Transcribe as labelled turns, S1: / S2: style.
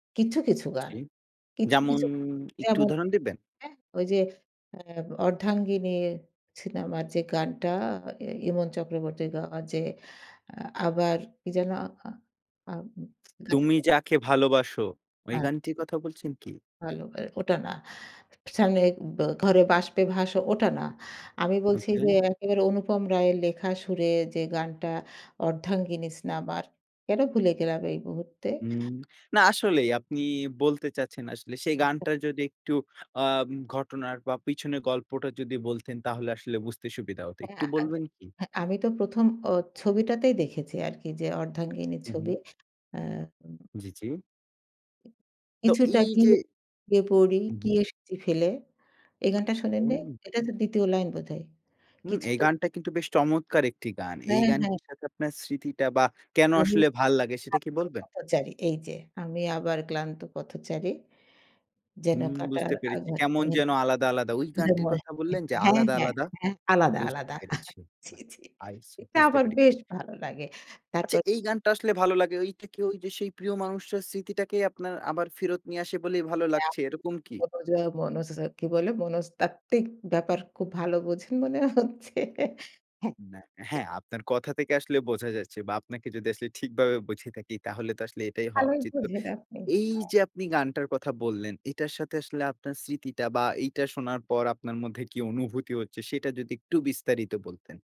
S1: কিছু, কিছু গান।
S2: জি,
S1: কিছু,
S2: যেমন
S1: কিছু
S2: একটু
S1: যেমন
S2: উদাহরণ দিবেন?
S1: হ্যাঁ, ওইযে অ্যা 'অর্ধাঙ্গিনী' সিনেমার যে, গানটা আ ইমন চক্রবর্তী গাওয়া যে, আ আবার কি যেন আ আ।
S2: 'তুমি
S1: [unintelligible]
S2: যাকে ভালোবাসো' ওই
S1: আ
S2: গানটির কথা বলছেন কি?
S1: ভালো আর ওটা না। স্নানের বা ঘরে বাষ্পে ভাস, ওটা না। আমি বলছি
S2: ওকে।
S1: যে, একেবারে অনুপম রায়ের লেখা সুরে যে, গানটা অর্ধাঙ্গিনস নামা কেনো ভুলে গেলাম এই মুহূর্তে?
S2: উম না আসলেই আপনি বলতে চাচ্ছেন আসলে সেই গানটা যদি একটু আ ঘটনার বা পিছনের গল্পটা যদি বলতেন তাহলে আসলে বুঝতে সুবিধা হতো।
S1: আ
S2: একটু বলবেন কি?
S1: হ্যাঁ, আমি তো ১ম আ ছবিটাতেই দেখেছি আরকি যে, 'অর্ধাঙ্গিনী'
S2: হু,
S1: ছবি
S2: হুম।
S1: অ্যা উম
S2: জি, জি। তো
S1: কিছুটা
S2: এইযে
S1: গিয়ে পড়ি
S2: উ
S1: কি
S2: হুম।
S1: এসেছি ফেলে। এই গানটা শোনেননি?
S2: হুম।
S1: এটা তো দ্বিতীয় লাইন বোধহয়।
S2: হুম, এই
S1: কিছুটা
S2: গানটা কিন্তু বেশ চমৎকার একটি গান। এই
S1: হ্যাঁ, হ্যাঁ।
S2: গানটির সাথে আপনার স্মৃতিটা বা কেনো
S1: আমি
S2: আসলে ভাল লাগে সেটা
S1: [unintelligible]
S2: কি বলবেন?
S1: পথচারী এইযে আমি আবার ক্লান্ত পথচারী। যেন
S2: হুম,
S1: কাটার
S2: বুঝতে পেরেছি।
S1: আঘাত
S2: কেমন
S1: মানে।
S2: যেন আলাদা, আলাদা। ওই গানটির
S1: [unintelligible]
S2: কথা বললেন যে,
S1: হ্যাঁ,
S2: আলাদা,
S1: হ্যাঁ।
S2: আলাদা?
S1: এ আলাদা,
S2: বুঝতে
S1: আলাদা।
S2: পেরেছি।
S1: জি,
S2: [unintelligible]
S1: জি। এটা
S2: বুঝতে
S1: আমার
S2: পেরেছি।
S1: বেশ ভালো লাগে।
S2: আচ্ছা,
S1: তারপর
S2: এই গানটা আসলে ভালো লাগে ওইটা কি ওইযে সেই প্রিয় মানুষের স্মৃতিটাকে আপনার আবার ফেরত নিয়ে আসে বলেই ভালো লাগছে, এরকম কি?
S1: [unintelligible] কি বলে মনস্তাত্ত্বিক ব্যাপার খুব ভালো বোঝেন মনে হচ্ছে। হ্যাঁ।
S2: না,
S1: এ
S2: হ্যাঁ, আপনার কথা থেকে আসলে বোঝা যাচ্ছে বা আপনাকে যদি আসলে ঠিকভাবে বুঝে থাকি তাহলে তো আসলে এটাই হওয়া
S1: ভালোই
S2: উচিত। তো
S1: বুঝে আপনি। হ্যাঁ।
S2: এইযে আপনি গানটার কথা বললেন এটার সাথে আসলে আপনার স্মৃতিটা বা এইটা শোনার পর আপনার মধ্যে কী অনুভূতি হচ্ছে সেটা যদি একটু বিস্তারিত বলতেন?